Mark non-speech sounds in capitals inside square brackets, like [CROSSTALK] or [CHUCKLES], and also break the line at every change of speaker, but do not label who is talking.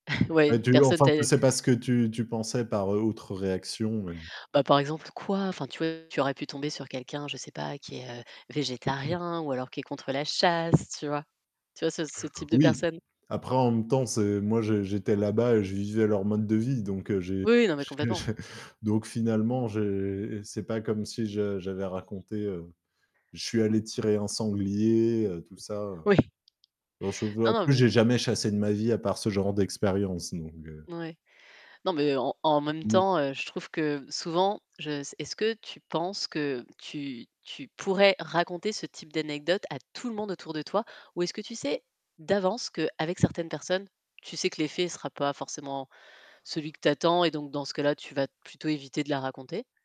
[CHUCKLES]
Et
Ouais,
tu
personne
enfin,
t'a
tu
é
c'est pas ce que tu tu pensais par, heu, autre réaction et mmh
Bah, par exemple: «Quoi?» enfin tu vois, tu aurais pu tomber sur quelqu'un, je sais pas qui est, heu, végétarien ou alors qui est contre la chasse, tu vois? Tu vois, ce ce type de
Oui.
personne.
Après en même temps, c'est moi j'é j'étais là-bas et je vivais leur mode de vie donc heu, j'ai
Oui oui, non mais
j'ai j'ai
complètement.
[CHUCKLES] donc finalement j'ai c'est pas comme si je j'avais raconté, heu: «Je suis allé tirer un sanglier, heu», tout ça.
Oui.
Heu [UNINTELLIGIBLE]
Non
en
non,
plus
mais
j'ai jamais chassé de ma vie à part ce genre d'expérience donc heu
N ouais. Non mais en en même
Oui.
temps, heu, je trouve que souvent, je s est-ce que tu penses que tu tu pourrais raconter ce type d'anecdote à tout le monde autour de toi, ou est-ce que tu sais d'avance qu'avec certaines personnes, tu sais que l'effet sera pas forcément celui que tu attends et donc dans ce cas-là, tu vas t plutôt éviter de la raconter?